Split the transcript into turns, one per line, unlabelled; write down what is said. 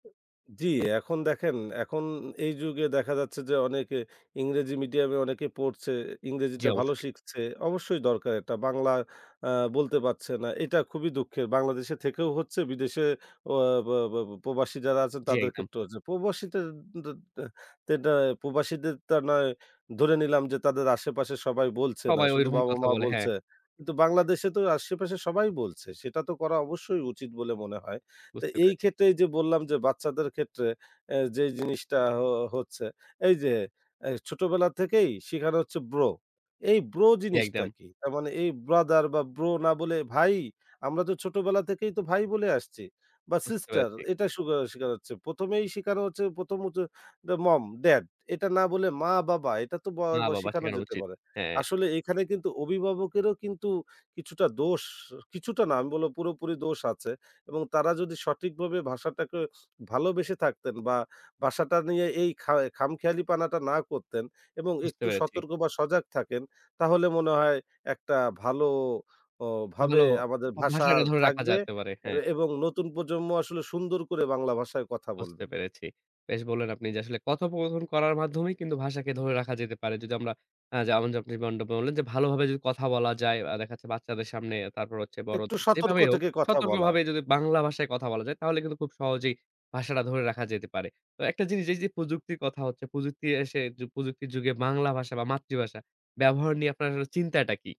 জি, এখন দেখেন এখন এই যুগে দেখা যাচ্ছে যে, অনেকে ইংরেজি মিডিয়ামে অনেকে পড়ছে।
জি,
ইংরেজিটা ভালো
অবশ্যই।
শিখছে। অবশ্যই দরকার এটা। বাংলায় আ বলতে পারছে না, এটা খুবই দুঃখের। বাংলাদেশে থেকেও হচ্ছে বিদেশে অয়া ব ব বা প্রবাসী যারা আছেন
জি,
তাদের
একদম।
ক্ষেত্রে হচ্ছে। প্রবাসীদের দের দেটা প্রবাসীদের তা নয় ধরে নিলাম যে তাদের আশেপাশে সবাই বলছে না।
সবাই
শুধু
ঐরকম কথা
বাবা-মা
বলে, হ্যাঁ।
বলছে। কিন্তু বাংলাদেশে তো আশেপাশে সবাই বলছে। সেটা তো করা অবশ্যই উচিত বলে মনে হয়। তো
বুঝতে পেরেছি।
এইক্ষেত্রে এইযে বললাম যে বাচ্চাদের ক্ষেত্রে এ যে জিনিসটা অ হচ্ছে। এইযে এ ছোটবেলা থেকেই শিখানো হচ্ছে bro। এই bro
জি,
জিনিসটা
একদম।
কি? তার মানে এই brother বা bro না বলে ভাই, আমরা তো ছোটবেলা থেকেই তো ভাই বলে আসছি। বা
বুঝতে
sister,
পেরেছি।
এটা শুখা শিখা হচ্ছে। ১ম এই শিখানো হচ্ছে ১ম হচ্ছে দা mom, dad এটা না বলে মা, বাবা এটা তো ব
মা,
বা
বাবা
শিখানো
শেখানো
যেতে
উচিত।
পারে।
হ্যাঁ।
আসলে এখানে কিন্তু অভিভাবকেরও কিন্তু কিছুটা দোষ আ কিছুটা না, আমি বলবো পুরোপুরি দোষ আছে এবং তারা যদি সঠিকভাবে ভাষাটাকে ভালোবেসে থাকতেন বা বাসাটা নিয়ে এই খা খামখেয়ালিপানাটা না করতেন এবং
বুঝতে
একটু
পেরেছি।
সতর্ক বা, সজাগ থাকেন, তাহলে মনে হয় একটা ভালো অ ভাবে
ভালো
আমাদের
ভা
ভাষা
ভাষাটা ধরে রাখা
থাকবে
যাতে পারে।
এ
হ্যাঁ।
এবং নতুন প্রজন্ম আসলে সুন্দর করে বাংলা ভাষায় কথা
বুঝতে
বলবে।
পেরেছি। বেশ বললেন আপনি যে আসলে কথোপকথন করার মাধ্যমেই কিন্তু ভাষাকে ধরে রাখা যেতে পারে। যদি আমরা আ যেমন যে, আপনি যেমনটা বললেন যে ভালোভাবে যদি কথা বলা যায় আ দেখা যাচ্ছে বাচ্চাদের সামনে, তারপর হচ্ছে
একটু
বড়দের,
সতর্ক
যেভাবেই হোক
থেকে কথা বলা।
সতর্কভাবে যদি বাংলা ভাষায় কথা বলা যায় তাহলে কিন্তু খুব সহজেই ভাষাটা ধরে রাখা যেতে পারে। তো একটা জিনিস, এই যে প্রযুক্তির কথা হচ্ছে, প্রযুক্তি এসে প্রযুক্তির যুগে বাংলা ভাষা বা মাতৃভাষা ব্যবহার নিয়ে আপনার চিন্তাটা কি?